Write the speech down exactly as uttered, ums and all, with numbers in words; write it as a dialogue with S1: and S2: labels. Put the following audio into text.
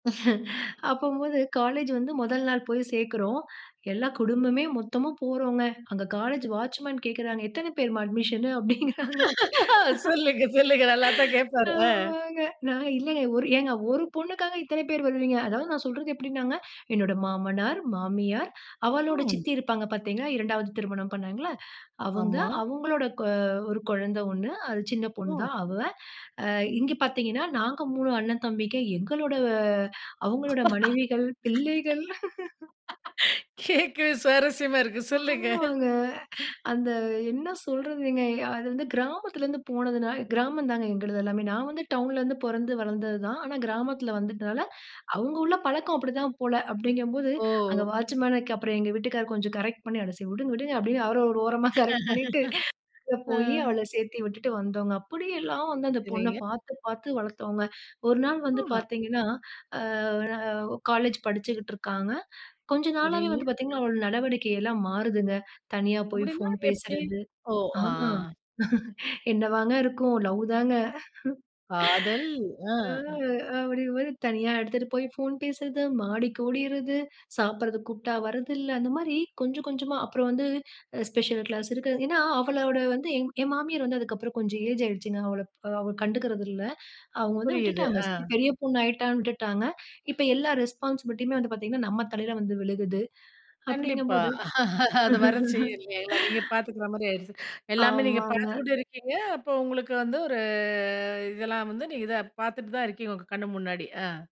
S1: அப்பம்போது காலேஜ் வந்து முதல் நாள் போய் சேர்க்கிறோம். எல்லா குடும்பமே மொத்தமும் போறோம்ங்க, அங்க காலேஜ் வாட்ச்மேன் கேட்கிறாங்க. "எத்தனை பேர்மா அட்மிஷன்னு?" அப்படிங்கிறாங்க.
S2: சொல்லுங்க, சொல்லுங்க. நல்லாத்தான் கேட்பாரு. அ.
S1: ஆமாங்க. நான் இல்லயே, ஒரு ஏங்க ஒரு பொண்ணுக்காக இத்தன பேர் வருவீங்க. அதாவது நான் சொல்றது எப்படின்னாங்க. என்னோட மாமனார், மாமியார், அவளோட
S2: ம்.
S1: சித்தி இருப்பாங்க பார்த்தீங்களா, இரண்டாவது திருமணம் பண்ணாங்களா? அவங்க.
S2: ஆமா.
S1: அவங்களோட கொ ஒரு குழந்தை ஒண்ணு அது சின்ன
S2: ஓ!
S1: பொண்ணு தான் அவ. அ, இங்க பார்த்தீங்கன்னா நாங்க மூணு அண்ணன் தம்பிங்க எங்களோட அவங்களோட மனைவிகள், பிள்ளைகள்.
S2: கேட்கவே சுவாரஸ்யமா இருக்கு. சொல்லுங்க!
S1: ஆமாங்க. அந்த என்ன சொல்றதுங்க. அது வந்து கிராமத்தில இருந்து போனதுன்னால கிராமம் தான்ங்க எங்களுது எல்லாமே. நான் வந்து டவுன்ல இருந்து பொறந்து வளர்ந்தது தான். ஆனா கிராமத்தில வந்துட்டதால, அவங்க உள்ள பழக்கம் அப்படித்தான் போல. அப்படிங்கம்போது அங்க
S2: ஓ!
S1: வாட்ச்மேன்க்கு அப்புறம் எங்க வீட்டுக்காரர் கொஞ்சம் கரெக்ட் பண்ணி அ விடுங்க விடுங்க அப்படின்னு அவர ஒரு ஓரமா, கரெக்ட் பண்ணிட்டு அங்க போய்
S2: அ.
S1: அவள சேர்த்து விட்டுட்டு வந்தோம்ங்க. அப்படியெல்லாம் வந்து அந்த பொண்ண
S2: சரிங்க.
S1: பார்த்து பார்த்து வளர்த்தோங்க. ஒரு நாள் வந்து
S2: ம்.
S1: பார்த்தீங்கன்னா. அ, அ, ஒ காலேஜ் படிச்சுக்கிட்டு இருக்காங்க. கொஞ்ச நாளாவே
S2: சரிங்க.
S1: வந்து பார்த்தீங்கன்னா, அவளோட நடவடிக்கை எல்லாம் மாறுதுங்க. தனியா போய்
S2: அப்படின்னா?
S1: ஃபோன்
S2: எப்படி?
S1: பேசறது.
S2: ஓ!
S1: ஆ
S2: அ.
S1: என்னவாங்க இருக்கும்? லவ் தாங்க!
S2: காதல்!
S1: ம்.
S2: அ.
S1: ஆ அப்படிறமாரி தனியா எடுத்துட்டு போய் ஃபோன் பேசுறது, மாடிக்கு ஓடிர்றது, சாப்பிடறதுக்கு கூப்பிட்டா வர்றதில்ல. அந்த மாதிரி கொஞ்சம் கொஞ்சமா அப்புறம் வந்து அ ஸ்பெஷல் கிளாஸ் இருக்கு. அது ஏன்னா அவளோட வந்து என் என் மாமியார் வந்து அதுக்கப்புறம் கொஞ்சம் ஏஜ் ஆகிடுச்சுங்க, அவள அவ கண்டுக்கிறதில்ல. அவங்க வந்து
S2: புரியுது.
S1: விட்டுட்டாங்க. சரி,
S2: அ.
S1: பெரிய பொண்ணாயிட்டான்னு விட்டுட்டாங்க. இப்ப எல்லா ரெஸ்பான்ஸிபிலிட்டியுமே வந்து பார்த்தீங்கன்னா நம்ம தலைல வந்து விழுகுது.
S2: கண்டிப்பா.
S1: அப்படிங்கும்போது
S2: அது வர செய்யும் இல்லயா எல்லா நீங்க பார்த்துக்கிற மாரி ஆயிருச்சு. எல்லாமே நீங்க
S1: ஆமாங்க.
S2: பார்த்துக்கிட்டு இருக்கீங்க, அப்போ உங்களுக்கு வந்து ஒரு இதெல்லாம் வந்து நீங்க தான் பார்த்துட்டு தான் இருக்கீங்க! உங்க கண்ணு முன்னாடி. அ.